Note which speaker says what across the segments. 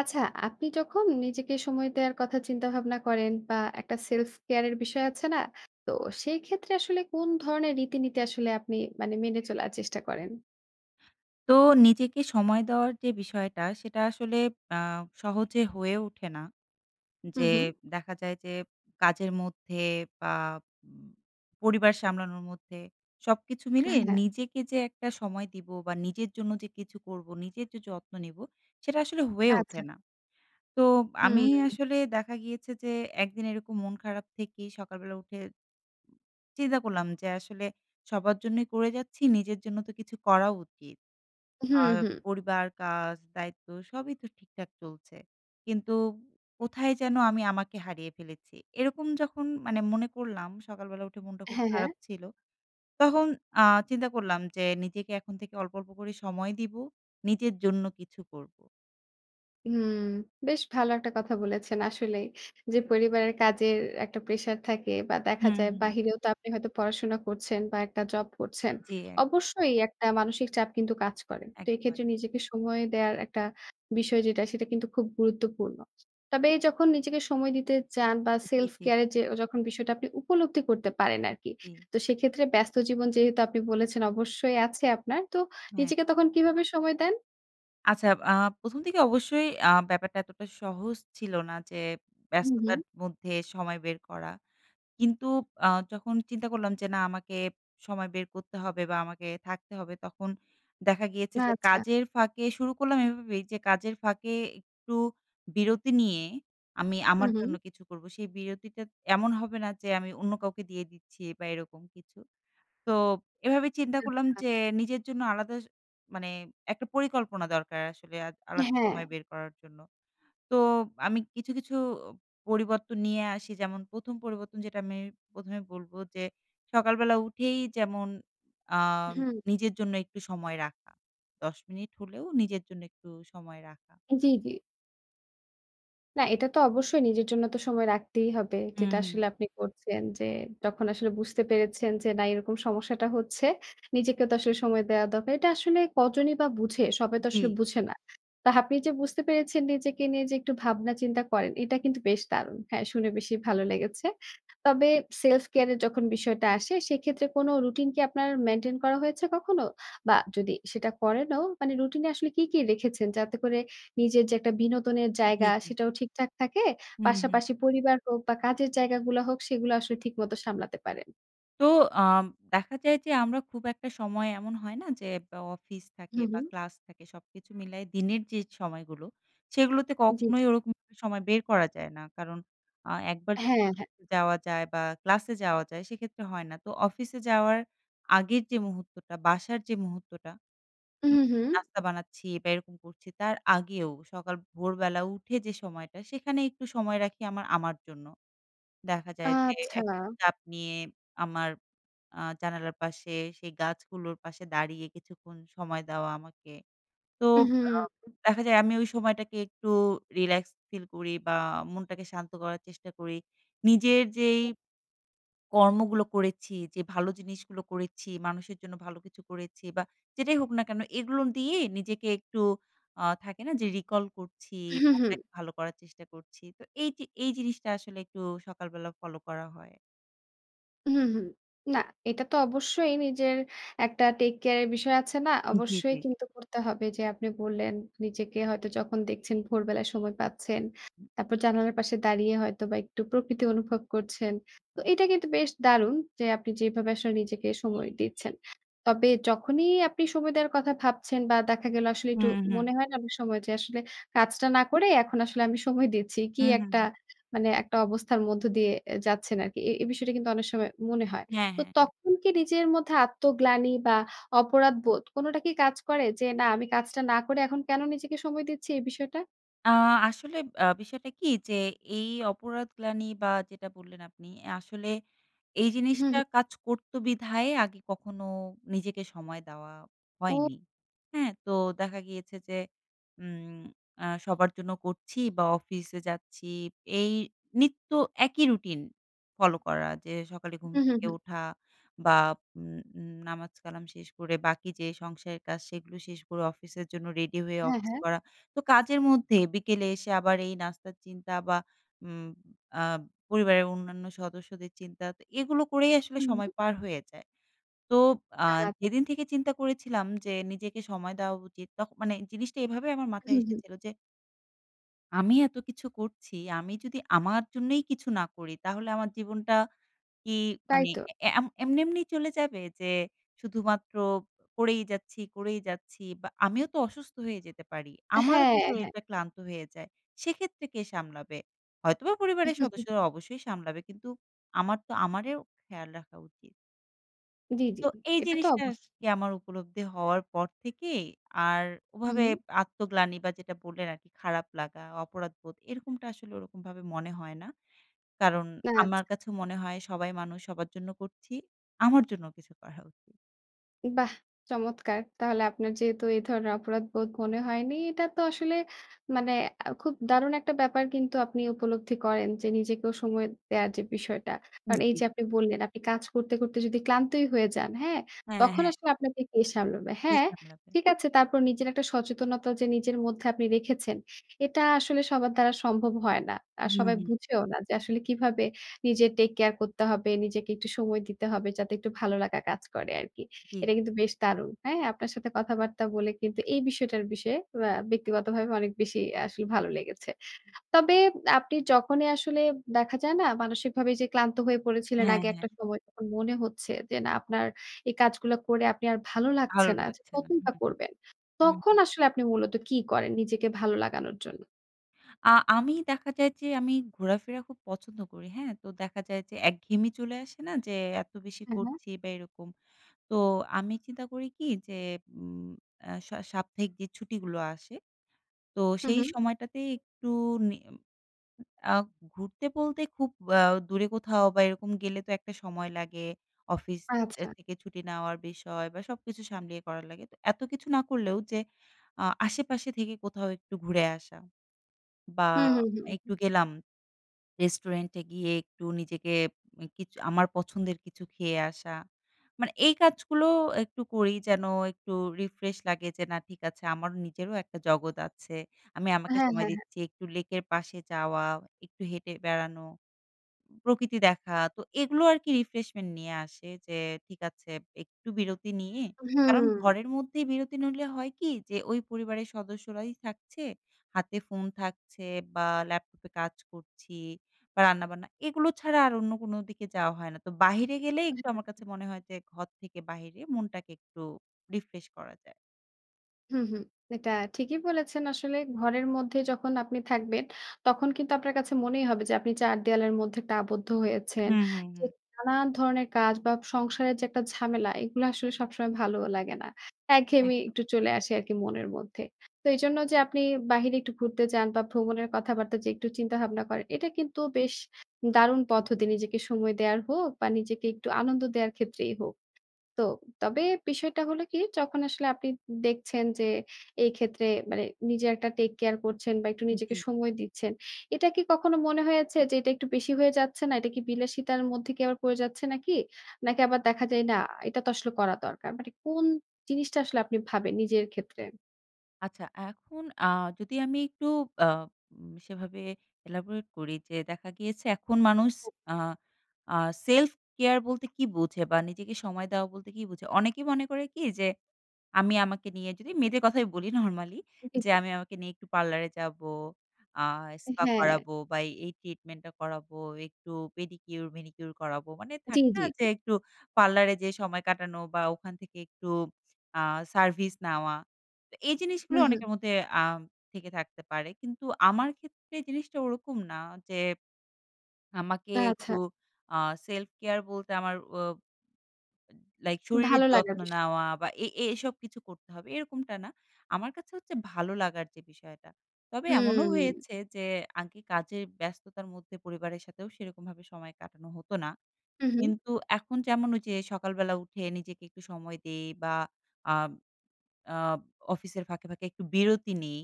Speaker 1: আচ্ছা আপনি যখন নিজেকে সময় দেয়ার কথা চিন্তা-ভাবনা করেন বা একটা self care এর বিষয় আছে না? তো সেই ক্ষেত্রে আসলে কোন ধরনের রীতিনীতি আসলে আপনি মানে মেনে চলার চেষ্টা করেন?
Speaker 2: তো নিজেকে সময় দেওয়ার যে বিষয়টা সেটা আসলে আ সহজে হয়ে ওঠে না।
Speaker 1: হু,
Speaker 2: যে
Speaker 1: হু।
Speaker 2: দেখা যায় যে কাজের মধ্যে বা উম পরিবার সামলানোর মধ্যে সবকিছু মিলিয়ে
Speaker 1: হ্যাঁ।
Speaker 2: নিজেকে যে একটা সময় দিব বা নিজের জন্য যে কিছু করবো নিজের যে যত্ন নেব সেটা আসলে হয়ে ওঠে
Speaker 1: আচ্ছা।
Speaker 2: না। তো আমি
Speaker 1: হুম।
Speaker 2: আসলে দেখা গিয়েছে যে একদিন এরকম মন খারাপ থেকেই সকালবেলা উঠে চিন্তা করলাম যে আসলে সবার জন্যই করে যাচ্ছি নিজের জন্য তো কিছু করা উচিত।
Speaker 1: হুম,
Speaker 2: আর
Speaker 1: হুম।
Speaker 2: পরিবার কাজ দায়িত্ব সবই তো ঠিকঠাক চলছে। কিন্তু কোথায় যেন আমি আমাকে হারিয়ে ফেলেছি এরকম যখন মানে মনে করলাম সকালবেলা উঠে মনটা খুব
Speaker 1: হ্যাঁ, হ্যাঁ।
Speaker 2: খারাপ ছিল। তখন আ চিন্তা করলাম যে নিজেকে এখন থেকে অল্প, অল্প করে সময় দিবো নিজের জন্য কিছু করবো।
Speaker 1: হুম। বেশ ভালো একটা কথা বলেছেন আসলেই। যে পরিবারের কাজের একটা প্রেশার থাকে। বা দেখা
Speaker 2: হুম,
Speaker 1: যায়
Speaker 2: হুম।
Speaker 1: বাহিরেও তো আপনি হয়তো পড়াশোনা করছেন বা একটা জব করছেন।
Speaker 2: জি, এক
Speaker 1: অবশ্যই একটা মানসিক চাপ কিন্তু কাজ করে। তো
Speaker 2: একদম, একদম।
Speaker 1: এক্ষেত্রে নিজেকে সময় দেয়ার একটা বিষয় যেটা, সেটা কিন্তু খুব গুরুত্বপূর্ণ। তবে যখন নিজেকে সময় দিতে চান বা
Speaker 2: জী,
Speaker 1: self
Speaker 2: জী।
Speaker 1: care যে, যখন বিষয়টা আপনি উপলব্ধি করতে পারেন আরকি।
Speaker 2: জি।
Speaker 1: তো সেক্ষেত্রে ব্যস্ত জীবন যেহেতু আপনি বলেছেন অবশ্যই আছে আপনার। তো
Speaker 2: হ্যাঁ।
Speaker 1: নিজেকে তখন কীভাবে সময় দেন?
Speaker 2: আচ্ছা। আ ১ম দিকে অবশ্যই আ ব্যাপারটা এতটা সহজ ছিল না। যে
Speaker 1: হুম, হুম।
Speaker 2: ব্যস্ততার মধ্যে সময় বের করা কিন্তু আ যখন চিন্তা করলাম যে না আমাকে সময় বের করতে হবে বা আমাকে থাকতে হবে। তখন দেখা গিয়েছে যে,
Speaker 1: আচ্ছা।
Speaker 2: কাজের ফাঁকে শুরু করলাম এইভাবেই যে, কাজের ফাঁকে একটু বিরতি নিয়ে আমি
Speaker 1: হুম,
Speaker 2: আমার
Speaker 1: হুম।
Speaker 2: জন্য কিছু করব। সেই বিরতিটা এমন হবে না যে আমি অন্য কাউকে দিয়ে দিচ্ছি বা এরকম কিছু। তো এভাবে চিন্তা করলাম
Speaker 1: আচ্ছা।
Speaker 2: যে নিজের জন্য আলাদা মানে একটা পরিকল্পনা দরকার আসলে আলাদা
Speaker 1: হ্যাঁ।
Speaker 2: সময় বের করার জন্য। তো আমি কিছু, কিছু পরিবর্তন নিয়ে আসি। যেমন ১ম পরিবর্তন যেটা আমি ১ম এ বলব। যে সকালবেলা উঠেই যেমন আ
Speaker 1: হুম।
Speaker 2: নিজের জন্য একটু সময় রাখা। ১০ মিনিট হলেও নিজের জন্য একটু সময় রাখা।
Speaker 1: জি, জি। না এটা তো অবশ্যই নিজের জন্য তো সময় রাখতেই হবে,
Speaker 2: হুম,
Speaker 1: যেটা
Speaker 2: হুম।
Speaker 1: আসলে আপনি করছেন যে, যখন আসলে বুঝতে পেরেছেন যে, "না এরকম সমস্যাটা হচ্ছে, নিজেকেও তো আসলে সময় দেওয়া দরকার!" এটা আসলে কজনই বা বুঝে! সবাই তো
Speaker 2: জি।
Speaker 1: আসলে বুঝে না। তা হা আপনি যে বুঝতে পেরেছেন, নিজেকে নিয়ে যে একটু ভাবনা চিন্তা করেন, এটা কিন্তু বেশ দারুণ! হ্যাঁ, শুনে বেশি ভালো লেগেছে। তবে সেলফ কেয়ার এর যখন বিষয়টা আসে, সেক্ষেত্রে কোন রুটিন কি আপনার মেইনটেইন করা হয়েছে কখনো? বা যদি সেটা করেন ও, মানে রুটিন এ আসলে কি, কি রেখেছেন? যাতে করে নিজের যে একটা বিনোদনের
Speaker 2: জি,
Speaker 1: জায়গা
Speaker 2: জি।
Speaker 1: সেটাও ঠিকঠাক থাকে।
Speaker 2: হু, হু।
Speaker 1: পাশাপাশি পরিবার হোক বা কাজের জায়গা গুলা হোক, সেগুলা আসলে ঠিকমত সামলাতে পারেন।
Speaker 2: তো আম দেখা যায় যে আমরা খুব একটা সময় এমন হয় না? যে বা অফিস থাকে
Speaker 1: হু,
Speaker 2: বা
Speaker 1: হু।
Speaker 2: ক্লাস থাকে সবকিছু মিলায় দিনের যে সময়গুলো, সেগুলোতে
Speaker 1: জি,
Speaker 2: কখনোই
Speaker 1: জি।
Speaker 2: ওরকম সময় বের করা যায় না। কারণ, আ একবার
Speaker 1: হ্যাঁ, হ্যাঁ।
Speaker 2: যাওয়া যায় বা ক্লাসে যাওয়া যায় সেক্ষেত্রে হয় না। তো অফিসে যাওয়ার আগের যে মুহূর্তটা বাসার যে মুহূর্তটা,
Speaker 1: উ
Speaker 2: উম
Speaker 1: হুম।
Speaker 2: নাস্তা বানাচ্ছি বা এরকম করছি তার আগেও সকাল ভোরবেলা উঠে যে সময়টা, সেখানে একটু সময় রাখি আমার আমার জন্য। দেখা যায় যে একটা
Speaker 1: আচ্ছা!
Speaker 2: চাপ নিয়ে আমার আ জানালার পাশে, সেই গাছগুলোর পাশে দাঁড়িয়ে কিছুক্ষণ সময় দেওয়া আমাকে। তো
Speaker 1: উ
Speaker 2: আ
Speaker 1: হুম।
Speaker 2: দেখা যায় আমি ওই সময়টাকে একটু রিল্যাক্স ফিল করি বা মনটাকে শান্ত করার চেষ্টা করি। নিজের যেই কর্মগুলো করেছি, যে ভালো জিনিসগুলো করেছি, মানুষের জন্য ভালো কিছু করেছি বা যেটাই হোক না কেন, এগুলো দিয়েই নিজেকে একটু আ থাকে না যে রিকল করছি,
Speaker 1: হু,
Speaker 2: [unintelligible]
Speaker 1: হু।
Speaker 2: ভালো করার চেষ্টা করছি। তো এই যে, এই জিনিসটা আসলে একটু সকালবেলা ফলো করা হয়।
Speaker 1: হুম, হুম। না, এটা তো অবশ্যই নিজের একটা টেক কেয়ারের বিষয় আছে না?
Speaker 2: জ্বি,
Speaker 1: অবশ্যই
Speaker 2: জ্বি।
Speaker 1: কিন্তু করতে হবে। যে আপনি বললেন, নিজেকে হয়তো যখন দেখছেন ভোরবেলায় সময় পাচ্ছেন,
Speaker 2: হুম।
Speaker 1: তারপর জানালার পাশে দাঁড়িয়ে হয়তোবা একটু প্রকৃতি অনুভব করছেন। তো
Speaker 2: [unintelligible]
Speaker 1: এটা কিন্তু বেশ দারুণ যে, আপনি যেইভাবে আসলে নিজেকে সময় দিচ্ছেন। তবে যখনই আপনি সময় দেওয়ার কথা ভাবছেন বা দেখা গেল আসলে একটু
Speaker 2: হুম, হুম।
Speaker 1: মনে হয় না অনেক সময় যে, "আসলে কাজটা না করে, এখন আসলে আমি সময় দিচ্ছি।" কি
Speaker 2: হুম, হুম,
Speaker 1: একটা
Speaker 2: হুম।
Speaker 1: মানে একটা অবস্থার মধ্য দিয়ে এ যাচ্ছেন আরকি। এ এ বিষয়টা কিন্তু অনেক সময় মনে হয়।
Speaker 2: হ্যাঁ,
Speaker 1: তো,
Speaker 2: হ্যাঁ, হ্যাঁ।
Speaker 1: তখন কি নিজের মধ্যে আত্মগ্লানি বা অপরাধবোধ, কোনোটা কি কাজ করে? যে, "না, আমি কাজটা না করে, এখন কেনো নিজেকে সময় দিচ্ছি?" এই বিষয়টা?
Speaker 2: আ আসলে আ বিষয়টা কী যে, এই অপরাধগ্লানি বা যেটা বললেন আপনি, আসলে এই
Speaker 1: হু,
Speaker 2: জিনিসটা
Speaker 1: হু।
Speaker 2: কাজ করতো বিধায়, আগে কখনো নিজেকে সময় দেওয়া
Speaker 1: ও
Speaker 2: হয়নি, হ্যাঁ? তো দেখা গিয়েছে যে, উম আ সবার জন্য করছি বা অফিসে যাচ্ছি, এই নিত্য একই রুটিন ফলো করা। যে, সকালে ঘুম
Speaker 1: হুম, হুম,
Speaker 2: থেকে
Speaker 1: হুম।
Speaker 2: ওঠা বা উম উম নামাজ-কালাম শেষ করে বাকি যে সংসারের কাজ সেগুলো শেষ করে, অফিসের জন্য রেডি হয়ে
Speaker 1: হ্যাঁ,
Speaker 2: অফিস
Speaker 1: হ্যাঁ।
Speaker 2: করা। তো কাজের মধ্যে বিকেলে এসে আবার এই নাস্তার চিন্তা বা উম আ পরিবারের অন্যান্য সদস্যদের চিন্তা। তা এগুলো করেই আসলে
Speaker 1: হু,
Speaker 2: সময়
Speaker 1: হু।
Speaker 2: পার হয়ে যায়। তো আ
Speaker 1: কাজ।
Speaker 2: যেদিন থেকে চিন্তা করেছিলাম যে, নিজেকে সময় দেওয়া উচিত, তখ মানে জিনিসটা এভাবে আমার মাথায়
Speaker 1: হুম, হুম।
Speaker 2: এসেছিল যে "আমি এত কিছু করছি আমি যদি আমার জন্যই কিছু না করি তাহলে আমার জীবনটা কি
Speaker 1: তাই
Speaker 2: মানে
Speaker 1: তো।
Speaker 2: অ্যা অ্যা এম এমনি, এমনি চলে যাবে? যে শুধুমাত্র করেই যাচ্ছি, করেই যাচ্ছি। বা আমিও তো অসুস্থ হয়ে যেতে পারি। আমারও তো
Speaker 1: হ্যাঁ, হ্যাঁ।
Speaker 2: শরীরটা ক্লান্ত হয়ে যায়। সেক্ষেত্রে কে সামলাবে? হয়তোবা পরিবারের সদস্যরা অবশ্যই সামলাবে কিন্তু আমার তো আমারেও খেয়াল রাখা উচিত।"
Speaker 1: জি, জি।
Speaker 2: তো এই
Speaker 1: এটা তো
Speaker 2: জিনিসটা আর
Speaker 1: অবশ্যই।
Speaker 2: কি আমার উপলব্ধি হওয়ার পর থেকেই আর ওভাবে
Speaker 1: হুম।
Speaker 2: আত্মগ্লানি বা যেটা বললেন আর কি খারাপ লাগা, অপরাধবোধ এরকমটা আসলে ওরকমভাবে মনে হয় না। কারণ
Speaker 1: না
Speaker 2: আমার
Speaker 1: আচ্ছা।
Speaker 2: কাছে মনে হয়, "সবাই মানুষ সবার জন্য করছি। আমার জন্য কিছু করা উচিত।"
Speaker 1: বাহ! চমৎকার! তাহলে আপনার যেহেতু এ ধরনের অপরাধবোধ মনে হয়নি। এটা তো আসলে মানে আ খুব দারুণ একটা ব্যাপার কিন্তু আপনি উপলব্ধি করেন যে নিজেকেও সময় দেওয়ার যে বিষয়টা।
Speaker 2: উ
Speaker 1: কারণ এইযে
Speaker 2: জি।
Speaker 1: আপনি বললেন আপনি কাজ করতে, করতে যদি ক্লান্তই হয়ে যান। হ্যাঁ?
Speaker 2: হ্যাঁ,
Speaker 1: তখন
Speaker 2: হ্যাঁ।
Speaker 1: আসলে আপনাকে, কে সামলাবে?
Speaker 2: কে
Speaker 1: হ্যাঁ,
Speaker 2: সামলাবে?
Speaker 1: ঠিক আছে। তারপর নিজের একটা সচেতনতা যে নিজের মধ্যে আপনি রেখেছেন। এটা আসলে সবার দ্বারা সম্ভব হয় না। আর
Speaker 2: হুম,
Speaker 1: সবাই
Speaker 2: হুম।
Speaker 1: বুঝেও না যে আসলে কীভাবে নিজের টেককেয়ার করতে হবে। নিজেকে একটু সময় দিতে হবে যাতে একটু ভালো লাগা কাজ করে আরকি। এটা
Speaker 2: কি?
Speaker 1: কিন্তু বেশ দারুণ! হ্যাঁ? আপনার সাথে কথাবার্তা বলে কিন্তু এই বিষয়টার বিষয়ে ব্যা ব্যক্তিগতভাবে অনেক বেশি আ আসলে ভালো লেগেছে। তবে আপনি যখনই আসলে দেখা যায় না? মানসিকভাবে যে ক্লান্ত হয়ে পড়েছিলেন
Speaker 2: হ্যাঁ,
Speaker 1: আগে একটা
Speaker 2: হ্যাঁ।
Speaker 1: সময় তখন মনে হচ্ছে যে না আপনার এই কাজগুলা করে আপনি আর ভালো লাগছে
Speaker 2: ভালো
Speaker 1: না। যে
Speaker 2: লাগছে না। হুম,
Speaker 1: কতইবা
Speaker 2: হুম,
Speaker 1: করবেন?
Speaker 2: হুম,
Speaker 1: তখন
Speaker 2: হুম।
Speaker 1: আসলে আপনি মূলত কি করেন নিজেকে ভালো লাগানোর জন্য?
Speaker 2: আ আমি দেখা যায় যে, আমি ঘোরাফেরা খুব পছন্দ করি, হ্যাঁ? তো, দেখা যায় যে একঘেয়েমি চলে আসে না যে, এত বেশি
Speaker 1: উহুম।
Speaker 2: করছি বা এরকম। তো, আমি চিন্তা করি কি যে, উম এ্যা সা সাপ্তাহিক যে ছুটিগুলো আসে, তো
Speaker 1: হুম,
Speaker 2: সেই
Speaker 1: হুম।
Speaker 2: সময়টাতে একটু নি আ ঘুরতে বলতে খুব অ্যা দূরে কোথাও বা এরকম গেলে তো একটা সময় লাগে, অফিস এ
Speaker 1: আচ্ছা।
Speaker 2: থেকে ছুটি নেওয়ার বিষয় বা সবকিছু সামলিয়ে করা লাগে। তো এত কিছু না করলেও যে, আ আশেপাশে থেকে কোথাও একটু ঘুরে আসা বা
Speaker 1: হুম, হুম,
Speaker 2: একটু
Speaker 1: হুম।
Speaker 2: গেলাম, রেস্টুরেন্ট এ গিয়ে একটু নিজেকে উম কিছু আমার পছন্দের কিছু খেয়ে আসা। মানে এই কাজগুলো একটু করি, যেন একটু রিফ্রেশ লাগে যে, "না, ঠিক আছে, আমার নিজেরও একটা জগৎ আছে। আমি আমাকে
Speaker 1: হ্যাঁ,
Speaker 2: সময়
Speaker 1: হ্যাঁ, হ্যাঁ।
Speaker 2: দিচ্ছি।" একটু লেকের পাশে যাওয়া, একটু হেঁটে বেড়ানো, প্রকৃতি দেখা। তো, এগুলো আরকি রিফ্রেশমেন্ট নিয়ে আসে। যে, ঠিক আছে, একটু বিরতি নিয়ে কারণ,
Speaker 1: উহুম।
Speaker 2: ঘরের মধ্যেই বিরতি নইলে হয় কি যে, ওই পরিবারের সদস্যরাই থাকছে, হাতে ফোন থাকছে বা ল্যাপটপে কাজ করছি বা রান্নাবান্না। এগুলো ছাড়া আর অন্য কোনো দিকে যাওয়া হয় না। তো, বাহিরে গেলেই
Speaker 1: উ
Speaker 2: একটু
Speaker 1: হুম,
Speaker 2: আমার কাছে
Speaker 1: হুম।
Speaker 2: মনে হয় যে, ঘর থেকে বাহিরে মনটাকে একটু রিফ্রেশ করা যায়।
Speaker 1: হুম, হুম। এটা ঠিকই বলেছেন। আসলে ঘরের মধ্যে যখন আপনি থাকবেন, তখন কিন্তু আপনার কাছে মনেই হবে যে, আপনি ৪ দেয়ালের মধ্যে একটা আবদ্ধ হয়েছেন।
Speaker 2: হুম, হুম,
Speaker 1: যে
Speaker 2: হুম।
Speaker 1: নানান ধরনের কাজ বা সংসারের যে একটা ঝামেলা, এগুলা আসলে সবসময় ভালোও লাগে না। একঘেয়েমি
Speaker 2: একদম।
Speaker 1: একটু চলে আসি আরকি মনের মধ্যে। তো, এইজন্য যে আপনি বাহিরে একটু ঘুরতে যান বা ভ্রমণের কথাবার্তা যে একটু চিন্তাভাবনা করেন, এটা কিন্তু বেশ দারুণ পদ্ধতি। নিজেকে সময় দেয়ার হোক বা নিজেকে একটু আনন্দ দেওয়ার ক্ষেত্রেই হোক। তো, তবে বিষয়টা হলো কি? যখন আসলে আপনি দেখছেন যে, এক্ষেত্রে মানে, নিজের একটা টেক কেয়ার করছেন বা একটু নিজেকে
Speaker 2: জ্বি।
Speaker 1: সময় দিচ্ছেন। এটা কি কখনো মনে হয়েছে যে, এটা একটু বেশি হয়ে যাচ্ছে না? এটা কি বিলাসিতার মধ্যে কি আবার পড়ে যাচ্ছে নাকি? নাকি আবার দেখা যায়, না, এটা তো আসলে করা দরকার। মানে কোন জিনিসটা আসলে আপনি ভাবেন নিজের ক্ষেত্রে?
Speaker 2: আচ্ছা, এখন আ যদি আমি একটু আম সেভাবে elaborate করি, যে দেখা গিয়েছে এখন মানুষ আ আ সেলফ কেয়ার বলতে কী বোঝে? বা নিজেকে সময় দেওয়া বলতে কী বোঝে? অনেকে মনে করে কি যে, আমি আমাকে নিয়ে যদি মেয়েদের কথাই বলি নরমালি।
Speaker 1: জ্বি,
Speaker 2: যে,
Speaker 1: জ্বি।
Speaker 2: "আমি আমাকে নিয়ে একটু পার্লারে যাবো, আ স্পা
Speaker 1: হ্যাঁ।
Speaker 2: করাবো বা এই, এই ট্রিটমেন্টটা করাবো, একটু পেডিকিউর, ম্যানিকিউর করাবো।" মানে
Speaker 1: জ্বি,
Speaker 2: থাকে না
Speaker 1: জ্বি,
Speaker 2: যে,
Speaker 1: জ্বি।
Speaker 2: একটু পার্লারে যেয়ে সময় কাটানো বা ওখান থেকে একটু আ সার্ভিস নেওয়া। তো, এই জিনিসগুলো
Speaker 1: হুম, হুম।
Speaker 2: অনেকের মধ্যে থেকে আম থেকে থাকতে পারে। কিন্তু আমার ক্ষেত্রে জিনিসটা ওরকম না। যে, আমাকে
Speaker 1: আচ্ছা।
Speaker 2: একটু আ সেলফ কেয়ার বলতে আমার উব লাইক শরীরের
Speaker 1: ভালো লাগার
Speaker 2: যত্ন
Speaker 1: বিষয়।
Speaker 2: নেওয়া বা এ এ এসব কিছু করতে হবে, এরকমটা না। আমার কাছে হচ্ছে, ভালো লাগার যে বিষয়টা। তবে এমনও
Speaker 1: হুম।
Speaker 2: হয়েছে যে, আগে কাজের ব্যস্ততার মধ্যে পরিবারের সাথেও সেরকমভাবে সময় কাটানো হতো না।
Speaker 1: উ হুম।
Speaker 2: কিন্তু এখন যেমন ওইযে সকালবেলা উঠে নিজেকে একটু সময় দেই বা আব আব অফিসের ফাঁকে, ফাঁকে একটু বিরতি নেই।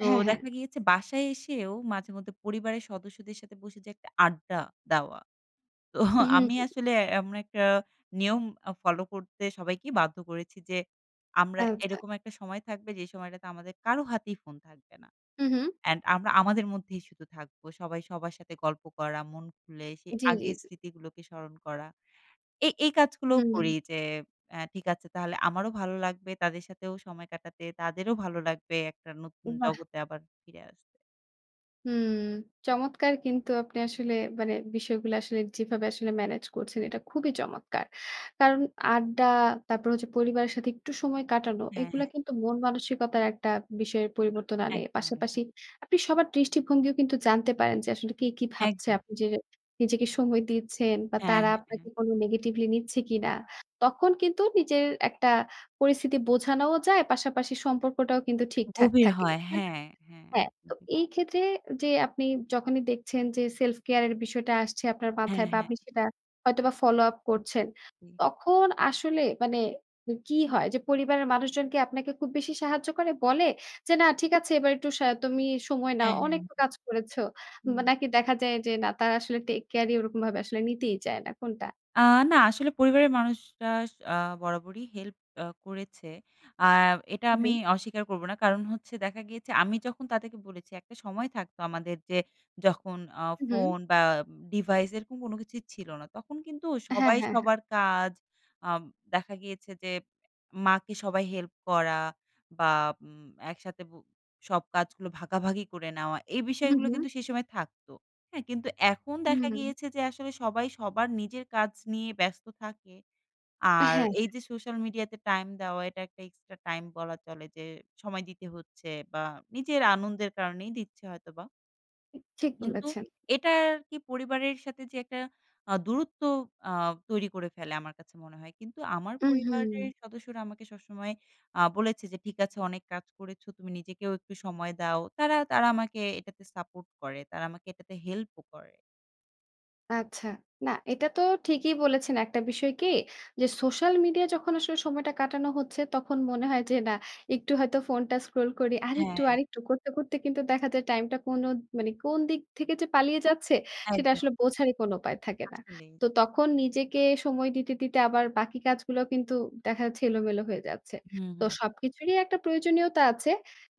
Speaker 2: তো
Speaker 1: হ্যাঁ, হ্যাঁ।
Speaker 2: দেখা গিয়েছে, বাসায় এসেও মাঝেমধ্যে পরিবারের সদস্যদের সাথে বসে যে, একটা আড্ডা দেওয়া। তো,
Speaker 1: উ হু,
Speaker 2: আমি
Speaker 1: হুম।
Speaker 2: আসলে আমরা একটা নিয়ম আ ফলো করতে সবাইকে বাধ্য করেছি যে, আমরা
Speaker 1: আচ্ছা।
Speaker 2: এরকম একটা সময় থাকবে, যে সময়টাতে আমাদের কারো হাতেই ফোন থাকবে না।
Speaker 1: উ হুম।
Speaker 2: অ্যান্ড আমরা আমাদের মধ্যেই শুধু থাকবো। সবাই সবার সাথে গল্প করা, মন খুলে সেই
Speaker 1: জ্বি, জ্বি,
Speaker 2: আগের
Speaker 1: জ্বি।
Speaker 2: স্মৃতিগুলোকে স্মরণ করা। এই, এই কাজগুলোও
Speaker 1: হুম।
Speaker 2: করি যে, অ্যা ঠিক আছে, তাহলে আমারও ভালো লাগবে, তাদের সাথেও সময় কাটাতে। তাদেরও ভালো লাগবে, একটা নতুন
Speaker 1: বাহ্!
Speaker 2: জগতে আবার ফিরে আস
Speaker 1: হুম। চমৎকার কিন্তু আপনি আসলে মানে বিষয়গুলো আসলে যেভাবে আসলে manage করছেন এটা খুবই চমৎকার। কারণ আড্ডা তারপর হচ্ছে পরিবারের সাথে একটু সময় কাটানো,
Speaker 2: হ্যাঁ,
Speaker 1: এইগুলা
Speaker 2: হ্যাঁ।
Speaker 1: কিন্তু মন মানসিকতার একটা বিষয়ের পরিবর্তন আনে।
Speaker 2: একদম, একদম।
Speaker 1: পাশাপাশি আপনি সবার দৃষ্টিভঙ্গিও কিন্তু জানতে পারেন যে, আসলে কে কী ভাবছে।
Speaker 2: একদম।
Speaker 1: আপনি যে নিজেকে সময় দিচ্ছেন বা
Speaker 2: হ্যাঁ,
Speaker 1: তারা
Speaker 2: হ্যাঁ, হ্যাঁ।
Speaker 1: আপনাকে কোনো negatively নিচ্ছে কিনা। তখন কিন্তু নিজের একটা পরিস্থিতি বোঝানোও যায়, পাশাপাশি সম্পর্কটাও কিন্তু ঠিকঠাক
Speaker 2: গভীর
Speaker 1: থাকে
Speaker 2: হয়।
Speaker 1: হ্যাঁ
Speaker 2: হ্যাঁ, হ্যাঁ
Speaker 1: হ্যাঁ
Speaker 2: একদম
Speaker 1: তো
Speaker 2: ঠিক ব
Speaker 1: এই ক্ষেত্রে যে আপনি যখনই দেখছেন যে সেলফ কেয়ার এর বিষয়টা আসছে আপনার
Speaker 2: হ্যাঁ,
Speaker 1: মাথায়। বা
Speaker 2: হ্যাঁ।
Speaker 1: আপনি সেটা হয়তোবা follow up করছেন।
Speaker 2: জি।
Speaker 1: তখন আসলে মানে উ কী হয়? যে পরিবারের মানুষজনকে আপনাকে খুব বেশি সাহায্য করে বলে যে, "না ঠিক আছে এবার একটু সা তুমি সময় নাও।
Speaker 2: হ্যাঁ, হ্যাঁ।
Speaker 1: অনেক কাজ করেছ।"
Speaker 2: হুম,
Speaker 1: উম
Speaker 2: হুম।
Speaker 1: নাকি দেখা যায় যে না তারা আসলে take care ই ওরকমভাবে আসলে নিতেই যায় না। কোনটা?
Speaker 2: আ না। আসলে পরিবারের মানুষরা আ বরাবরই help আ করেছে। আ এটা
Speaker 1: হুম,
Speaker 2: আমি
Speaker 1: হুম।
Speaker 2: অস্বীকার করব না কারণ হচ্ছে দেখা গিয়েছে আমি যখন তাদেরকে বলেছি একটা সময় থাকত আমাদের যে যখন আ
Speaker 1: হুম, হুম।
Speaker 2: ফোন বা উম device এরকম কোন কিছুই ছিল না। তখন কিন্তু
Speaker 1: হ্যাঁ,
Speaker 2: সবাই
Speaker 1: হ্যাঁ, হ্যাঁ।
Speaker 2: সবার কাজ আব দেখা গিয়েছে যে মাকে সবাই help করা বা উম একসাথে বো সব কাজগুলো ভাগাভাগি করে নেওয়া এই
Speaker 1: হুম,
Speaker 2: বিষয়গুলো
Speaker 1: হুম।
Speaker 2: কিন্তু সে সময় থাকত, হ্যাঁ? কিন্তু এখন
Speaker 1: হুম,
Speaker 2: দেখা
Speaker 1: হুম।
Speaker 2: গিয়েছে যে আসলে সবাই সবার নিজের কাজ নিয়ে ব্যস্ত থাকে।
Speaker 1: হ্যাঁ,
Speaker 2: আর
Speaker 1: হ্যাঁ।
Speaker 2: এই যে social media তে টাইম দেওয়া এটা একটা extra time বলা চলে যে, সময় দিতে হচ্ছে বা নিজের আনন্দের কারণেই দিচ্ছে হয়তোবা।
Speaker 1: [unintelligible] ঠিক
Speaker 2: কিন্তু
Speaker 1: বলেছেন।
Speaker 2: এটার কি পরিবারের সাথে যে একটা আ দূরত্ব আ তৈরি করে ফেলে, আমার কাছে মনে হয়। কিন্তু আমার
Speaker 1: উম হুম।
Speaker 2: পরিবারের সদস্যরা আমাকে সবসময় আ বলেছে যে, "ঠিক আছে অনেক কাজ করেছো, তুমি নিজেকেও একটু সময় দাও।" তারা তারা আমাকে এটাতে সাপোর্ট করে। তারা আমাকে এটাতে হেল্পও করে।
Speaker 1: আচ্ছা। না এটা তো ঠিকই বলেছেন। একটা বিষয় কি? যে সোশ্যাল মিডিয়ায় যখন আসলে সময়টা কাটানো হচ্ছে, তখন মনে হয় যে, "না একটু হয়তো ফোনটা স্ক্রল করি।" আরেকটু,
Speaker 2: হ্যাঁ।
Speaker 1: আরেকটু করতে, করতে কিন্তু দেখা যায় টাইমটা কোন মানে কোন দিক থেকে যে পালিয়ে যাচ্ছে, সেটা
Speaker 2: একদ
Speaker 1: আসলে বোঝারই কোন উপায় থাকে না।
Speaker 2: আসলেই।
Speaker 1: তো তখন নিজেকে সময় দিতে, দিতে আবার বাকি কাজগুলাও কিন্তু দেখা যাচ্ছে এলোমেলো হয়ে যাচ্ছে।
Speaker 2: হুম,
Speaker 1: তো
Speaker 2: হুম।
Speaker 1: সবকিছুরই একটা প্রয়োজনীয়তা আছে।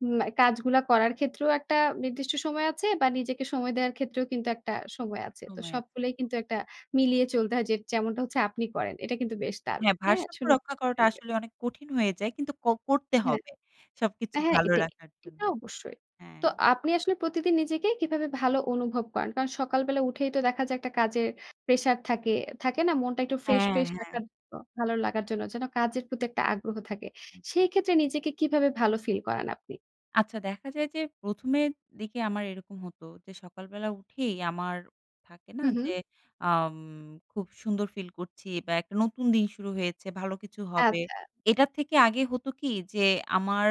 Speaker 1: উম আ কাজগুলা করার ক্ষেত্রেও একটা নির্দিষ্ট সময় আছে বা নিজেকে সময় দেওয়ার ক্ষেত্রেও কিন্তু একটা সময় আছে। তো
Speaker 2: সময় আছে।
Speaker 1: সবগুলাই কিন্তু একটা মিলিয়ে চলতে হয়, যে যেমনটা হচ্ছে আপনি করেন। এটা কিন্তু বেশ দারুণ!
Speaker 2: হ্যাঁ,
Speaker 1: হ্যাঁ?
Speaker 2: ভারসাম্য
Speaker 1: শুনে
Speaker 2: রক্ষা
Speaker 1: [unintelligible]
Speaker 2: করাটা
Speaker 1: লেগেছে।
Speaker 2: আসলেই অনেক কঠিন হয়ে যায়। কিন্তু ক করতে
Speaker 1: হ্যাঁ।
Speaker 2: হবে সবকিছু
Speaker 1: হ্যাঁ
Speaker 2: ভালো
Speaker 1: এটাই।
Speaker 2: রাখার জন্য।
Speaker 1: এটা অবশ্যই। তো
Speaker 2: হ্যাঁ।
Speaker 1: আপনি আসলে প্রতিদিন নিজেকে কীভাবে ভালো অনুভব করান? কারণ সকালবেলা উঠেই তো দেখা যায় একটা কাজের প্রেশার থাকে, থাকে না? মনটা একটু ফ্রেশ,
Speaker 2: হ্যাঁ,
Speaker 1: ফ্রেশ
Speaker 2: হ্যাঁ।
Speaker 1: রাখার নো ভালো লাগার জন্য যেন কাজের প্রতি একটা আগ্রহ থাকে।
Speaker 2: হুম, হুম।
Speaker 1: সেই ক্ষেত্রে নিজেকে কীভাবে ভালো ফিল করান আপনি?
Speaker 2: আচ্ছা দেখা যায় যে ১ম এর দিকে আমার এইরকম হতো যে সকালবেলা উঠেই আমার থাকে না
Speaker 1: হুম, হুম।
Speaker 2: যে আম খুব সুন্দর ফিল করছি বা একটা নতুন দিন শুরু হয়েছে ভালো কিছু হবে।
Speaker 1: আচ্ছা।
Speaker 2: এইটার থেকে আগে হতো কি যে আমার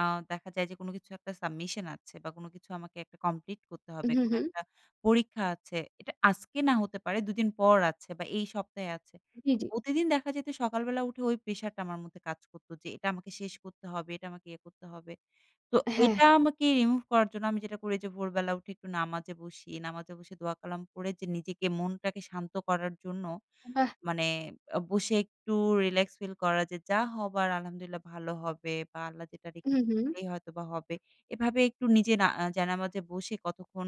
Speaker 2: আ দেখা যায় যে কোনো কিছু একটা submission আছে বা কোনো কিছু আমাকে একটা complete করতে হবে,
Speaker 1: হুম,
Speaker 2: কোনো
Speaker 1: হুম।
Speaker 2: একটা পরীক্ষা আছে। এইটা আজকে না হতে পারে দুদিন পর আছে বা এই সপ্তাহে আছে।
Speaker 1: জি,
Speaker 2: তো
Speaker 1: জি।
Speaker 2: প্রতিদিন দেখা যেত সকালবেলা উঠে ওই pressure টা আমার মধ্যে কাজ করতো যে, "এইটা আমাকে শেষ করতে হবে, এইটা আমাকে ইয়ে করতে হবে।" তো
Speaker 1: হ্যাঁ,
Speaker 2: এইটা
Speaker 1: হ্যাঁ।
Speaker 2: আমাকে remove করার জন্য আমি যেটা করি যে ভোরবেলা উঠে একটু নামাজে বসি। নামাজে বসে দোয়া-কালাম পড়ে যে নিজেকে মনটাকে শান্ত করার জন্য
Speaker 1: বাহ!
Speaker 2: মানে আ বসে একটু relax feel করা, যে, "যা হবার আলহামদুলিল্লাহ ভালো হবে বা আল্লাহ যেটা
Speaker 1: হুম,
Speaker 2: রেখেছে
Speaker 1: হুম।
Speaker 2: সেটাই হয়তোবা হবে।" এভাবে একটু নিজে না আ জায়নামাজে বসে কতক্ষণ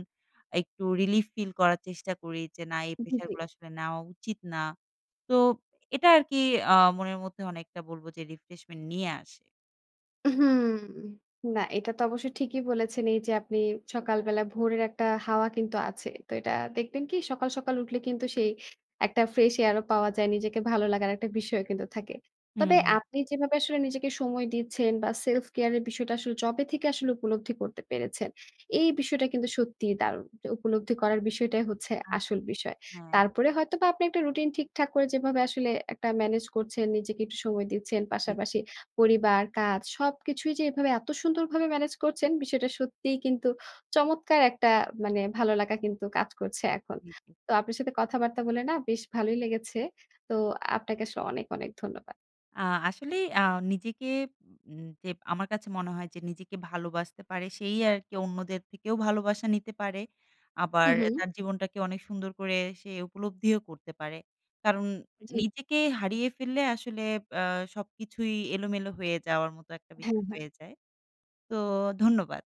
Speaker 2: একটু relief feel করার চেষ্টা করি। যে না এই
Speaker 1: জি, জি।
Speaker 2: প্রেশারগুলা আসলে নেওয়া উচিত না। তো এটা আরকি আ মনের মধ্যে অনেকটা বলবো যে refreshment নিয়ে আসে।
Speaker 1: হুম। না, এইটা তো অবশ্য ঠিকই বলেছেন এই যে আপনি সকালবেলা ভোরের একটা হাওয়া কিন্তু আছে। তো এইটা দেখবেন কি সকাল, সকাল উঠলে কিন্তু সেই একটা fresh air ও পাওয়া যায়। নিজেকে ভালো লাগার একটা বিষয়ও কিন্তু থাকে।
Speaker 2: হুম,
Speaker 1: তবে
Speaker 2: হুম।
Speaker 1: আপনি যেভাবে আসলে নিজেকে সময় দিচ্ছেন বা self care এর বিষয়টা আসলে যবে থেকে আসলে উপলব্ধি করতে পেরেছেন, এই বিষয়টা কিন্তু সত্যিই দারুণ। তো উপলব্ধি করার বিষয়টাই হচ্ছে
Speaker 2: আচ্ছা,
Speaker 1: আসল বিষয়।
Speaker 2: হ্যাঁ।
Speaker 1: তারপরে হয়তোবা আপনি একটা routine ঠিকঠাক করে যেভাবে আসলে একটা manage করছেন, নিজেকে একটু সময় দিচ্ছেন।
Speaker 2: জি।
Speaker 1: পাশাপাশি পরিবার, কাজ সবকিছুই যে এইভাবে এত সুন্দরভাবে manage করছেন বিষয়টা সত্যিই কিন্তু চমৎকার একটা মানে ভালো লাগা কিন্তু কাজ করছে এখন।
Speaker 2: জি।
Speaker 1: তো আপনার সাথে কথাবার্তা বলে না বেশ ভালোই লেগেছে। তো আপনাকে আসলে অনেক, অনেক ধন্যবাদ।
Speaker 2: আ আসলেই আ নিজেকে উম যে আমার কাছে মনে হয় যে নিজেকে ভালোবাসতে পারে সেই আর কি অন্যদের থেকেও ভালোবাসা নিতে পারে, আবার
Speaker 1: হুম, হুম।
Speaker 2: তার জীবনটাকে অনেক সুন্দর করে সে উপলব্ধিও করতে পারে। কারণ
Speaker 1: জি।
Speaker 2: নিজেকে হারিয়ে ফেললে আসলে আ সবকিছুই এলোমেলো হয়ে যাওয়ার মতো একটা
Speaker 1: হ্যাঁ,
Speaker 2: বিষয়
Speaker 1: হ্যাঁ।
Speaker 2: হয়ে যায়। তো ধন্যবাদ।